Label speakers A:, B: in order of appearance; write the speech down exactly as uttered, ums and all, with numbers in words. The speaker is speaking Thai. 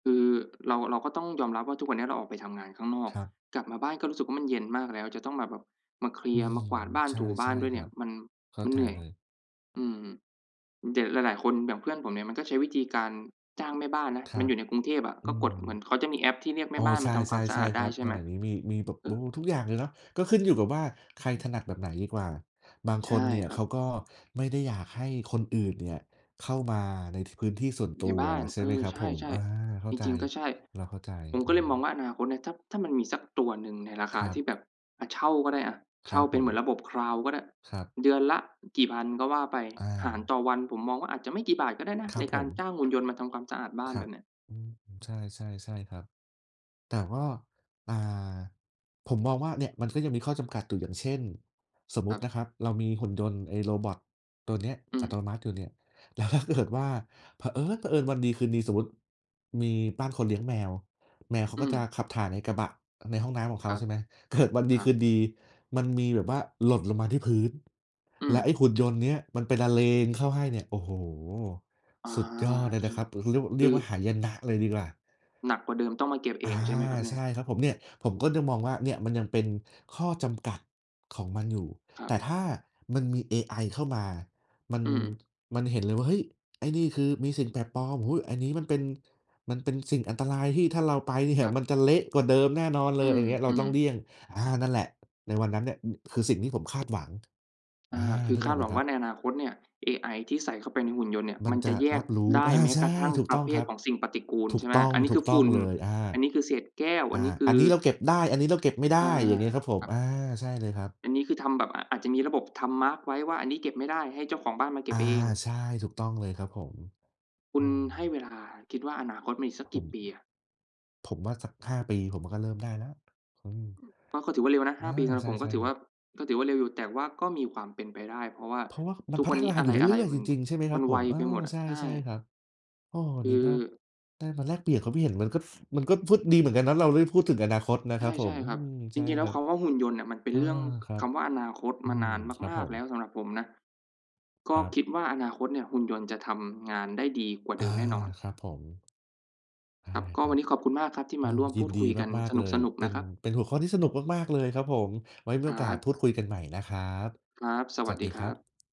A: คือเรา เราก็ต้องยอมรับว่าทุกวันเนี้ยเราออกไปทำงานข้างนอก
B: ครับ
A: กลับมาบ้านก็รู้สึกว่า มันเย็นมากแล้ว จะต้องมาแบบมาเคลี
B: อื
A: ยร์ มา
B: ม
A: กวาดบ้าน
B: ใ
A: ถูบ
B: ช
A: ้าน
B: ่
A: ด้วย
B: ๆ
A: เ
B: ค
A: นี
B: ร
A: ่
B: ั
A: ย
B: บ
A: มัน
B: เข้
A: ม
B: า
A: ัน
B: ใ
A: เ
B: จ
A: หนื่อย
B: เลย
A: อืม ด หลาย ๆ คนอย่างเพื่อนผมเนี่ยก็ใช้วิธีการจ้างแม่บ้านนะ
B: คร
A: มั
B: ั
A: นอ
B: บ
A: ยู่ในกรุงเทพอะ
B: อื
A: ก็ก
B: ม
A: ดเหมือนเขาจะมีแอปที่เรียกแม
B: โอ้
A: ่บ้าน
B: ใช
A: มาทำความสะอา
B: ่
A: ด
B: ๆ ๆ
A: ไ
B: ค
A: ด้
B: รับ
A: ใช่
B: ส
A: ไหม
B: มัยนี้มี มี มีแบบ
A: เอ
B: บ
A: อ
B: ำรุงทุกอย่างเลยเนาะ ก็ขึ้นอยู่กับว่าใครถนัดแบบไหนดีกว่า บาง
A: ใช
B: ค
A: ่
B: นเนี่ย
A: คร
B: เ
A: ั
B: ข
A: บ
B: าก็ไม่ได้อยากให้คนอื่นเนี่ยเข้ามาในพื้นที่ส่วนต
A: ใ
B: ั
A: น
B: ว
A: บ้าน
B: ใช่
A: เอ
B: ไหม
A: อ
B: ครับ
A: ใ
B: ผม
A: ช่
B: อา เข
A: ๆ
B: ้
A: จ
B: า
A: ร
B: ใจ
A: ิง ๆ ก็ใช่
B: เราเข้าใจ
A: ผม
B: อ
A: ก็เลยมอง
B: า
A: ว่าอนาคตเนี่ย ถ้า ถ้ามันมีสักตัวหนึ่งในราคา
B: ครั
A: ที่แบ
B: บ
A: บ อ่า เช่าก็ได้อะ
B: ค
A: เช
B: ร
A: ่
B: ั
A: า
B: บ
A: เป
B: ผ
A: ็นเหมือน
B: ม
A: ระบบ Cloud ก็ได้
B: ครับ
A: เดือนละกี่พันก็ว่าไป
B: อ
A: หาร
B: า
A: ต่อวัน ผมมองว่าอาจจะไม่กี่บาทก็ได้นะ
B: คร
A: ใ
B: ั
A: น
B: บ
A: ก
B: ผ
A: ารจ้า
B: ม
A: งหุ่นยนต์มาทำความสะอาดบ้า
B: ค
A: น
B: ร
A: แ
B: ั
A: บ
B: บ
A: บเนี้ย
B: อืม ใช่ ๆ ๆ ครับ แต่ว่า อ่า ผมมองว่าเนี่ยมันก็ยังมีข้อจำกัดอยู่ อย่างเช่น สมม
A: ค
B: ุ
A: ร
B: ต
A: ั
B: ินะ
A: บ
B: ครับเรามีหุ่นยนต์ ไอ้โรบอตตัวเนี้ย
A: อื
B: อั
A: ม
B: ตโนมัติอยู่เนี่ย แล้วถ้าเกิด ว่า เผอิ๊ญ เผอิญวันดีคืนดี สมมุติมีบ้านคนเลี้ยงแมว แมวเขา
A: อื
B: ก็
A: ม
B: จะขับถ่ายในกระบะ ในห้องน้ำของเ
A: ค
B: ขา
A: รับ
B: ใช่ไหม เกิดวันด
A: ค
B: ี
A: รั
B: คื
A: บ
B: นดีมันมีแบบว่าหล่นลงมาที่พื้น
A: อื
B: และไอ
A: ม
B: ้หุ่นยนต์เนี้ยมันไปละเลงเข้าให้เนี่ย โอ้โฮ
A: อา
B: สุดยอดเลย
A: ใช
B: นะ
A: ่
B: ครับ เรียกว่า
A: ค
B: เรี
A: ื
B: ยก
A: อ
B: ว่าหายนะเลยดีกว่า
A: หนักกว่าเดิม ต้องมาเก็บเอ
B: อา
A: ง ใช่ไหมครับเนี
B: ใ
A: ่
B: ช
A: ย?
B: ่ครับผมเนี่ย ผมก็จะมองว่าเนี่ยมันยังเป็นข้อจำกัดของมันอยู่
A: ครั
B: แ
A: บ
B: ต่ถ้ามันมีเอไอเข้ามา มัน
A: อืม
B: มันเห็นเลยว่า เฮ้ย ไอ้นี่คือมีสิ่งแปลกปลอม อุ๊ย อันนี้มันเป็น มันเป็นสิ่งอันตรายที่ถ้าเราไปเนี่
A: ค
B: ยม
A: รับ
B: ันจะเละกว่าเดิมแน่นอนเ
A: อ
B: ล
A: ื
B: ย อะไรอย่างเงี้ย เราต้
A: ม
B: องเล
A: ๆ
B: ี่ยง อา นั่นแหละ ในวันนั้นเนี่ย น คือสิ่งที่ผมคาดหวัง
A: อ
B: อ
A: า
B: ่า
A: คื
B: น
A: อ
B: ึก
A: ค
B: อ
A: า
B: อ
A: ด
B: กไห
A: ห
B: ม
A: วัง
B: คร
A: ว
B: ั
A: ่า
B: บ?
A: ในอนาคตเนี่ย เอไอที่ใส่เข้าไปในหุ่นยนต์เนี่ย
B: มั
A: ม
B: น
A: ัน
B: จ
A: จะ
B: ะ
A: แย
B: รั
A: ก
B: บรู้
A: ได้
B: อา
A: แม้
B: ใช
A: กร
B: ่
A: ะทั่ง
B: ถูก
A: ป
B: ต
A: ระ
B: ้อ
A: เ
B: ง
A: ภ
B: ค
A: ท
B: รับ
A: ของสิ่งปฏิกูล
B: ถู
A: ใ
B: ก
A: ช่ไหม
B: ต้อง
A: อันนี้
B: ถู
A: คื
B: ก
A: อ
B: ต้
A: ฝ
B: อ
A: ุ
B: ง
A: ่น
B: เลย อา
A: อันนี้คือเศษแก้ว
B: อ
A: อ
B: า
A: ันนี้
B: อันนี้เราเก็บได้ อันนี้เราเก็บไม่ได้
A: อา
B: อย่างงี้ครับผ
A: ค
B: ม
A: รับ
B: อา ใช่เลยครับ
A: อันนี้คือทำแบบ อ อาจจะมีระบบทำมาร์กไว้ว่า อันนี้เก็บไม่ได้ ให้เจ้าของบ้านมาเก
B: อ
A: ็
B: า
A: บเอง
B: ใช่ ถูกต้องเลยครับผม
A: คุ
B: อื
A: ณให้เ
B: ม
A: วลา คิดว่าอนาคตมันอีกสัก
B: ผ
A: กี่
B: ม
A: ปีอะ?
B: ผมว่าสัก ห้า ปี ผมก็เริ่มได้แล้ว อืม
A: ก็ ก็ถือว่าเร็วนะ ห
B: อ
A: ้า
B: า
A: ปีสำหรั
B: ใ
A: บผม ก
B: ช
A: ็
B: ่
A: ถื
B: ๆ
A: อ
B: คร
A: ว่
B: ับ
A: า ก็ถือว่าเร็วอยู่ แต่ว่าก็มีความเป็นไปได้ เพราะว่า
B: เพราะว่ามั
A: ท
B: น
A: ุก
B: พั
A: วั
B: ฒ
A: นนี้
B: นา
A: อ
B: อ
A: ะ
B: ยู่เร
A: ไร
B: ื่อย
A: ๆ ม
B: ๆ
A: ั
B: จ
A: น
B: ริง ๆ ใช่ไหมค
A: ม
B: ร
A: ั
B: ับ
A: น
B: ผ
A: ไว
B: ม อ
A: ไ
B: า
A: ปหมดอะ
B: ใช
A: ใช่
B: ่ ๆ ครับ โอ้ วั
A: ค
B: น
A: ื
B: น
A: อ
B: ี้ก็ได้มาแลกเปลี่ยนความคิดเห็นมันก็ดี ฟ มันก็ฟึ่บดีเหมือนกันนะ เราได้พูดถึงอนาคตนะครับผ
A: ใช่
B: ม
A: ๆ ครั
B: อ
A: บ
B: ืม ใ
A: จ
B: ช่
A: ริง ๆ แล้
B: ค
A: ว
B: รับ
A: คำว่าหุ่นยนต์เนี่ยมันเป็น
B: อา
A: เรื่อง
B: ครั
A: ค
B: บ
A: ำว่า อนาคต
B: อื
A: มา
B: ม
A: นาน
B: ครับ
A: มา
B: ผ
A: ก ๆ แล้ว
B: ม
A: สำหรับผมนะ ก
B: ค
A: ็
B: รับ
A: คิดว่าอนาคตเนี่ยหุ่นยนต์จะทำงานได้ดีกว่าเ
B: อา
A: ดิมแน่นอน
B: ครับผม ใช่
A: ครับ ก็
B: คร
A: วั
B: ั
A: น
B: บ
A: นี้ขอบคุณมากครับที่
B: โอ้
A: มาร่วม
B: ย
A: พ
B: ิ
A: ู
B: น
A: ด
B: ดี
A: คุยกัน
B: มา
A: ส
B: ก ๆ เลย
A: นุก
B: เ
A: ๆ
B: ป
A: น
B: ็
A: ะ
B: น
A: ครับ
B: เป็นหัวข้อที่สนุกมาก ๆ เลยครับผม ไว่มี
A: อ
B: โอกาส
A: า
B: พูดคุยกันใหม่นะครับ
A: ครับ ส
B: ส
A: วัส
B: วัส
A: ดี
B: ดี
A: ค
B: ค
A: ร
B: ร
A: ั
B: ั
A: บ
B: บ